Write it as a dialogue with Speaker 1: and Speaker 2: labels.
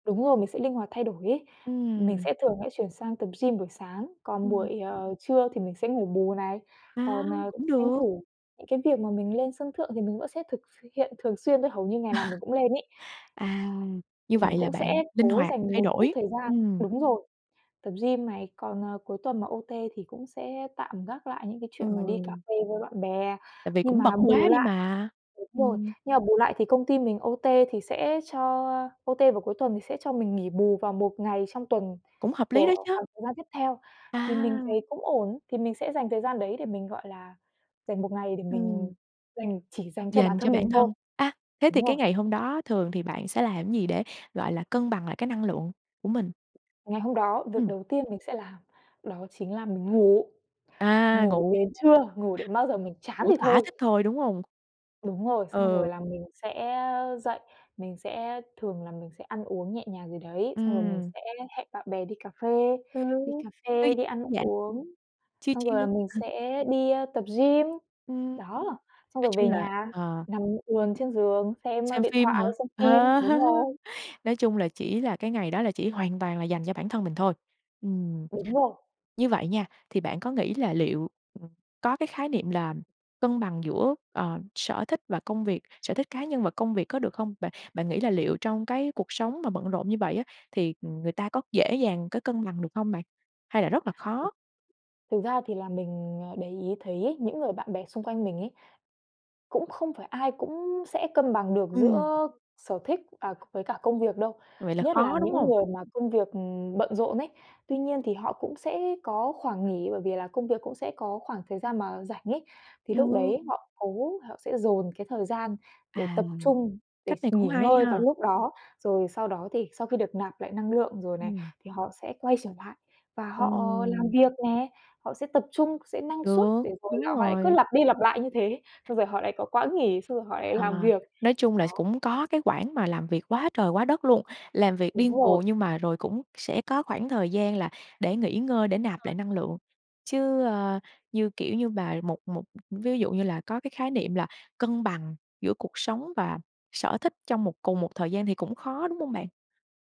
Speaker 1: Đúng rồi, mình sẽ linh hoạt thay đổi ấy. Mình
Speaker 2: Ừm.
Speaker 1: sẽ thường sẽ chuyển sang tập gym buổi sáng, còn
Speaker 2: Ừm.
Speaker 1: buổi, ờ, trưa thì mình sẽ ngủ bù này.
Speaker 2: À,
Speaker 1: Còn, ờ,
Speaker 2: cũng
Speaker 1: tranh
Speaker 2: được.
Speaker 1: thủ những cái việc mà mình lên sân thượng thì mình vẫn sẽ thực s hiện thường xuyên đấy, hầu như ngày nào mình cũng lên ấy.
Speaker 2: À. Như
Speaker 1: Mình
Speaker 2: vậy là
Speaker 1: cũng sẽ
Speaker 2: bạn linh
Speaker 1: cố
Speaker 2: hoạt
Speaker 1: dành
Speaker 2: thay
Speaker 1: một chút
Speaker 2: đổi.
Speaker 1: thời gian
Speaker 2: Ừm.
Speaker 1: đúng rồi, tập gym này. Còn, ờ, cuối tuần mà OT thì cũng sẽ tạm gác lại những cái chuyện mà đi cà
Speaker 2: Ừ.
Speaker 1: phê với bạn bè.
Speaker 2: Tại vì
Speaker 1: Nhưng
Speaker 2: cũng bận
Speaker 1: mà bù
Speaker 2: quá đi
Speaker 1: lại
Speaker 2: mà.
Speaker 1: đúng rồi,
Speaker 2: Ừm.
Speaker 1: nhưng mà bù lại thì công ty mình OT thì sẽ cho OT vào cuối tuần thì sẽ cho mình nghỉ bù vào một ngày trong tuần
Speaker 2: Cũng hợp lý đó
Speaker 1: của
Speaker 2: chớ!
Speaker 1: khoảng thời gian tiếp theo. Thì mình
Speaker 2: À!
Speaker 1: thấy cũng ổn, thì mình sẽ dành thời gian đấy để mình, gọi là, dành một ngày để mình
Speaker 2: Ừm.
Speaker 1: dành chỉ dành cho bản
Speaker 2: Dành cho
Speaker 1: thân mình
Speaker 2: bản
Speaker 1: thôi.
Speaker 2: thân. A, thế thì
Speaker 1: Đúng rồi.
Speaker 2: cái ngày hôm đó thường thì bạn sẽ làm gì để, gọi là, cân bằng lại cái năng lượng của mình?
Speaker 1: Ngày hôm đó, việc
Speaker 2: Ừm.
Speaker 1: đầu tiên mình sẽ làm đó chính là mình ngủ,
Speaker 2: À,
Speaker 1: ngủ
Speaker 2: ngủ
Speaker 1: đến trưa, ngủ đến bao giờ mình chán
Speaker 2: ngủ
Speaker 1: thì
Speaker 2: thỏa
Speaker 1: thôi!
Speaker 2: thích thôi, đúng hông?
Speaker 1: Đúng rồi, xong rồi
Speaker 2: Ừ.
Speaker 1: là mình sẽ dậy, mình sẽ thường là mình sẽ ăn uống nhẹ nhàng gì đấy, xong rồi mình
Speaker 2: Ừm.
Speaker 1: sẽ hẹn bạn bè đi cà phê.
Speaker 2: Ừ
Speaker 1: Đi cà phê, đi ăn
Speaker 2: thư giãn,
Speaker 1: uống,
Speaker 2: chill
Speaker 1: xong rồi
Speaker 2: chill.
Speaker 1: là mình
Speaker 2: Ừ.
Speaker 1: sẽ đi tập gym.
Speaker 2: Ừm.
Speaker 1: Đó, xong
Speaker 2: Nói
Speaker 1: rồi
Speaker 2: chung
Speaker 1: về
Speaker 2: là
Speaker 1: nhà,
Speaker 2: ờ.
Speaker 1: nằm ườn trên giường xem, ơ,
Speaker 2: Xem
Speaker 1: điện
Speaker 2: phim
Speaker 1: thoại,
Speaker 2: hả?
Speaker 1: xem phim.
Speaker 2: Ờ,
Speaker 1: Đúng rồi.
Speaker 2: nói chung là chỉ là cái ngày đó là chỉ hoàn toàn là dành cho bản thân mình thôi. Ừm.
Speaker 1: Đúng rồi.
Speaker 2: Như vậy nha, thì bạn có nghĩ là liệu có cái khái niệm là cân bằng giữa, ờ, sở thích và công việc sở thích cá nhân và công việc có được không? Bạn bạn nghĩ là liệu trong cái cuộc sống mà bận rộn như vậy á, thì, ừm, người ta có dễ dàng có cân bằng được hông bạn? Hay là rất là
Speaker 1: Ừm.
Speaker 2: khó?
Speaker 1: Thực ra thì là mình, ờ, để ý thấy ấy, những người bạn bè xung quanh mình ấy, cũng không phải ai cũng sẽ cân bằng được
Speaker 2: Ừm.
Speaker 1: giữa sở thích, à, với cả công việc đâu,
Speaker 2: Vậy là
Speaker 1: nhất là
Speaker 2: khó, đúng
Speaker 1: những
Speaker 2: hông?
Speaker 1: người mà công việc, ừm, bận rộn ấy. Tuy nhiên thì họ cũng sẽ có khoảng nghỉ, bởi vì là công việc cũng sẽ có khoảng thời gian mà rảnh ấy, thì lúc
Speaker 2: Ừ.
Speaker 1: đấy họ cố họ sẽ dồn cái thời gian để
Speaker 2: À,
Speaker 1: tập trung, để
Speaker 2: cách
Speaker 1: s
Speaker 2: này cũng
Speaker 1: nghỉ
Speaker 2: hay
Speaker 1: ngơi vào
Speaker 2: ha.
Speaker 1: lúc đó. Rồi sau đó thì sau khi được nạp lại năng lượng rồi này,
Speaker 2: Ừm.
Speaker 1: thì họ sẽ quay trở lại và
Speaker 2: Ờ.
Speaker 1: họ làm việc nè. Họ sẽ tập trung, sẽ năng suất
Speaker 2: Được.
Speaker 1: để rồi là
Speaker 2: Đúng
Speaker 1: họ lại cứ
Speaker 2: rồi.
Speaker 1: lặp đi lặp lại như thế, xong rồi họ lại có quãng nghỉ, xong rồi họ lại
Speaker 2: Ờ,
Speaker 1: làm việc.
Speaker 2: nói chung là s
Speaker 1: Đó.
Speaker 2: cũng có cái quãng mà làm việc quá trời quá đất luôn, làm việc
Speaker 1: Đúng
Speaker 2: điên
Speaker 1: rồi.
Speaker 2: cuồng, nhưng mà rồi cũng sẽ có khoảng thời gian là để nghỉ ngơi, để
Speaker 1: Đúng
Speaker 2: nạp
Speaker 1: rồi.
Speaker 2: lại năng lượng. Chứ, ơ, như, kiểu như, mà một một ví dụ như là có cái khái niệm là cân bằng giữa cuộc sống và sở thích trong một cùng một thời gian thì cũng khó, đúng hông bạn?